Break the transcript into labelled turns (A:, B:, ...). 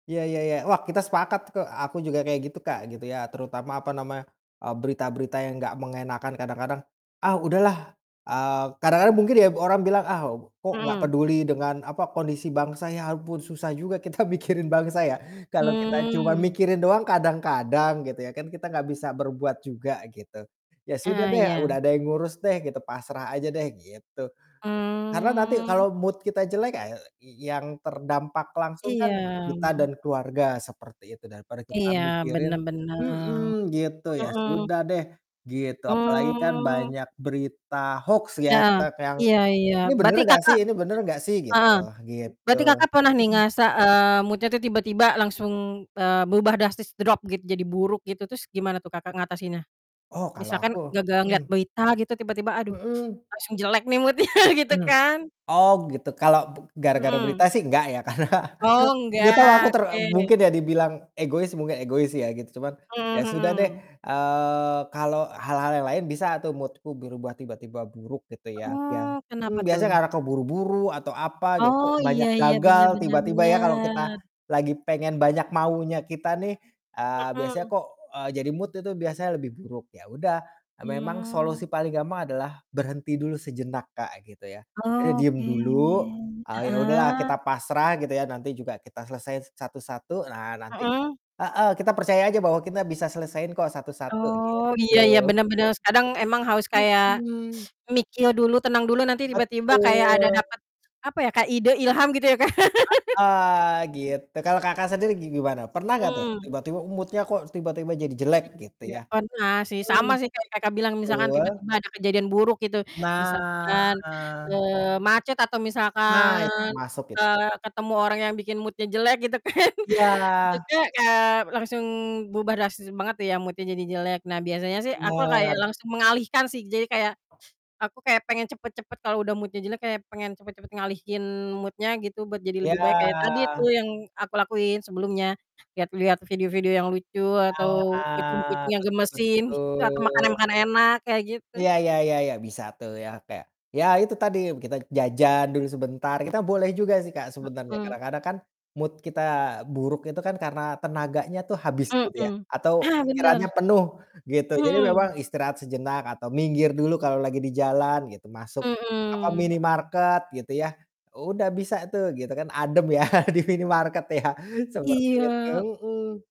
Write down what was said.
A: Ya ya ya, wah kita sepakat kok aku juga kayak gitu Kak, gitu ya, terutama apa namanya, eee, berita-berita yang gak mengenakkan kadang-kadang, "Ah udahlah," eee, kadang-kadang mungkin ya orang bilang, "Ah kok gak
B: Mhm.
A: peduli dengan apa, kondisi bangsa. Ya ampun susah juga kita mikirin bangsa ya, kalau kita cuma
B: Mmm.
A: mikirin doang kadang-kadang gitu ya kan, kita gak bisa berbuat juga" gitu. "Ya sudah
B: Ah
A: deh,
B: iya.
A: udah ada yang ngurus deh" gitu, "pasrah aja deh" gitu. Karena nanti
B: Mmm.
A: kalo mood kita jelek ae i yang terdampak langsung
B: Iya.
A: kan kita dan keluarga seperti itu, daripada kita
B: Iya,
A: mikirin
B: bener bener.
A: mhm, gitu ya
B: Mhm.
A: sudah deh, gitu. Apalagi kan
B: Mmm.
A: banyak berita hoax ya,
B: Heeh,
A: kita kayak yang,
B: iya iya.
A: "Ini bener
B: Berarti
A: nggak sih
B: Kakak
A: ini bener nggak sih?" Gitu
B: heeh,
A: gitu.
B: berarti Kakak pernah nih
A: Mhm.
B: ngerasa, eee, mood-nya tuh tiba-tiba langsung, eee, berubah drastis, drop gitu jadi buruk gitu? Terus gimana tuh Kakak ngatasinnya?
A: Oh kalau aku
B: Misalkan gara-gara ngelihat
A: mhm.
B: berita gitu tiba-tiba, aduh
A: Mhm.
B: langsung jelek nih mood-nya gitu
A: Mmm,
B: kan.
A: oh gitu, kalau gara-gara
B: Mhm.
A: berita sih nggak ya karena
B: Oh
A: gak tau aku
B: nggak.
A: ter
B: Oke.
A: mungkin ya dibilang egois, mungkin egois ya gitu, cuman ya
B: Mhm
A: sudah deh,
B: mhm.
A: eee, kalau hal-hal yang lain bisa atau mood-ku berubah tiba-tiba buruk gitu ya. Bia
B: Oh
A: mmm,
B: kenapa
A: biasanya
B: tuh?
A: karena keburu-buru atau apa, ya kok
B: Oh, iya
A: banyak
B: iya.
A: gagal
B: Benar benar
A: tiba-tiba ya, kalau kita
B: benar.
A: lagi pengen banyak maunya kita nih, eee, biasanya
B: Mhm.
A: kok, eee, jadi mood itu biasanya lebih buruk. Ya udah, memang solusi
B: Mmm.
A: paling gampang adalah berhenti dulu sejenak Kak, gitu ya. Jadi diem
B: Oke,
A: dulu, eee, ya udahlah kita
B: heeh.
A: pasrah gitu ya, nanti juga kita selesai satu-satu, nah nanti
B: Mhm.
A: heeh, kita percaya aja bahwa kita bisa selesaiin kok satu-satu, gitu.
B: Oh, iya iya
A: Mhm.
B: bener bener. Se kadang emang harus kayak
A: Mhm.
B: mikir dulu, tenang dulu nanti tiba-tiba kayak ada
A: Betul.
B: dapat apa ya, kayak ide, ilham gitu ya Kak.
A: Heeh,
B: Mmm.
A: gitu. Kalau Kakak sendiri gi gimana, pernah nggak tuh
B: Mmm.
A: tiba-tiba mood-nya kok tiba-tiba jadi jelek gitu
B: Iya
A: ya?
B: pernah sih,
A: Mhm,
B: sama sih kayak Kakak bilang misalkan
A: betul.
B: tiba-tiba ada kejadian buruk gitu.
A: Nah.
B: Misalkan, eee, macet atau
A: Nah,
B: misalkan,
A: itu termasuk it
B: eee, ketemu orang yang bikin mood-nya jelek gitu kan.
A: Iya.
B: Itu kek kayak langsung berubah drastis banget ya mood-nya jadi jelek. Nah biasanya sih aku kayak
A: Bener.
B: langsung mengalihkan sih, jadi kayak aku kayak pengen cepet-cepet kalau udah mood-nya jelek kayak pengen cepet-cepet ngalihin mood-nya gitu, buat jadi
A: Iya.
B: lebih baik, kayak tadi tuh yang aku lakuin sebelumnya. Liat-liat video-video yang lucu atau
A: Nah,
B: kucing-kucing yang
A: betul
B: gemesin, gitu atau
A: betul.
B: makanan-makanan enak, kayak gitu.
A: Iya iya iya iya, bisa tuh ya kayak, ya itu tadi kita jajan dulu sebentar. Kita boleh juga sih Kak, sebenarnya,
B: Mhm.
A: kadang-kadang kan mood kita buruk itu kan karena tenaganya tuh habis gitu ya,
B: Mhm,
A: atau
B: ah
A: pikirannya
B: bener.
A: penuh gitu. Jadi memang
B: Mhm.
A: istirahat sejenak atau minggir dulu kalau lagi di jalan gitu, masuk apa,
B: Mhm.
A: minimarket gitu ya. Udah bisa tuh gitu kan adem ya di minimarket ya seperti itu,
B: Iya.
A: mhm.